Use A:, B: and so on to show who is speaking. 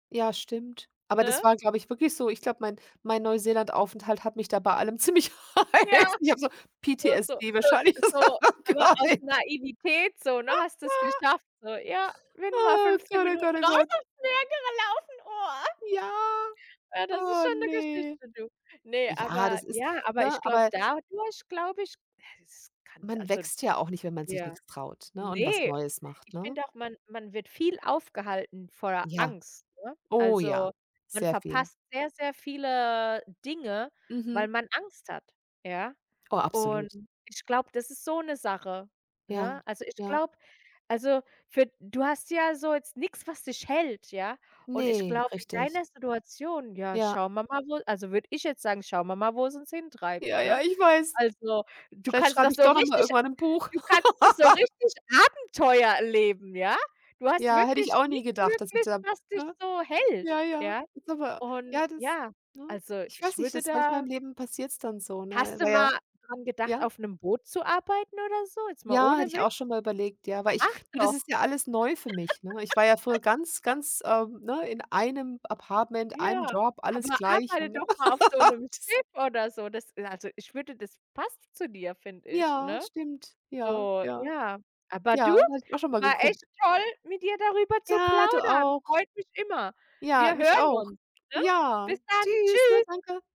A: Ja, stimmt. Aber das
B: Ne?
A: war, glaube ich, wirklich so. Ich glaube, mein mein Neuseelandaufenthalt hat mich da bei allem ziemlich. [unintelligible]
B: Ja.
A: Ich habe so
B: So so
A: PTSD
B: so
A: wahrscheinlich, oder
B: so
A: so,
B: aber
A: Gott,
B: aus
A: eh.
B: Naivität so, ne, hast du's geschafft so. Ja, wenn du mal
A: Ah,
B: 15
A: Gott, oh Gott, oh
B: Minuten raus
A: Gott.
B: aufs [unintelligible] gelaufen, oh.
A: Ja,
B: Ja, das ist
A: oh,
B: schon 'ne
A: ne.
B: Geschichte, du. Ne,
A: Ja,
B: aber
A: das ist
B: ja aber
A: ne,
B: ich glaube
A: aber
B: dadurch, glaube ich ja, es kann
A: man
B: also
A: wächst ja auch nicht, wenn man sich
B: Ja.
A: nichts traut, ne, und was
B: Ne!
A: Neues macht,
B: Ich
A: ne?
B: finde auch, man man wird viel aufgehalten voller
A: Ja.
B: Angst, ne?
A: Oh, ja,
B: Also, man
A: sehr viel.
B: verpasst sehr, sehr viele Dinge, weil
A: Mhm.
B: man Angst hat, ja?
A: Oh,
B: Und
A: absolut.
B: ich glaube, das ist so 'ne Sache, ne?
A: Ja.
B: Also, ich
A: Ja.
B: glaube also, für du hast ja so jetzt nix, was dich hält, ja. Und ich
A: Ne,
B: glaube, in
A: richtig.
B: deiner Situation: „Ja,
A: Ja.
B: schauen wir mal, wo“ Also, würde ich jetzt sagen: „Schauen wir mal, wo's uns hintreibt,“
A: Ja, ja,
B: ne?
A: ich weiß.
B: Also, du
A: Vielleicht
B: kannst noch
A: schreibe ich
B: so
A: doch noch mal
B: richtig
A: irgendwann 'n Buch.
B: du kannst noch so richtig Abenteuer erleben, ja? Du hast
A: Ja, hätte ich
B: wirklich
A: auch nie
B: nichts
A: gedacht, dass ich
B: wirklich,
A: da
B: was dich
A: ne?
B: so hält,
A: Ja, ja.
B: ja?
A: Ist aber
B: Und
A: Ja, das
B: ja,
A: ne?
B: also,
A: Ich weiß
B: ich
A: nicht,
B: würde
A: das manchmal im
B: da
A: Leben passiert's dann so, ne?
B: Hast du
A: Na ja
B: mal dran gedacht,
A: Ja?
B: auf 'nem Boot zu arbeiten oder so? Jetzt mal
A: Ja, hatte
B: ohne
A: ich
B: Witz?
A: auch schon mal überlegt, ja, weil ich
B: Mach
A: Du, das
B: doch.
A: ist ja alles neu für mich, ne. Ich war ja früher ganz ganz, ähm, ne, in einem Apartment, einem
B: Ja,
A: Job, alles
B: aber
A: gleich.
B: arbeite doch
A: [unintelligible]
B: mal auf so 'nem
A: Das
B: Schiff oder so. Das also, ich würde das passt zu dir, finde ich,
A: Ja,
B: ne?
A: stimmt. Ja,
B: So,
A: ja.
B: ja Aber
A: Ja,
B: du,
A: das hatte ich auch schon mal
B: war echt
A: geguckt.
B: toll, mit dir darüber zu
A: Ja, du
B: plaudern.
A: auch.
B: Freut mich immer.
A: Ja,
B: Wir
A: mich
B: hören
A: auch.
B: uns, ne?
A: Ja!
B: Bis dann.
A: Tschüss, ne,
B: Tschüss.
A: danke.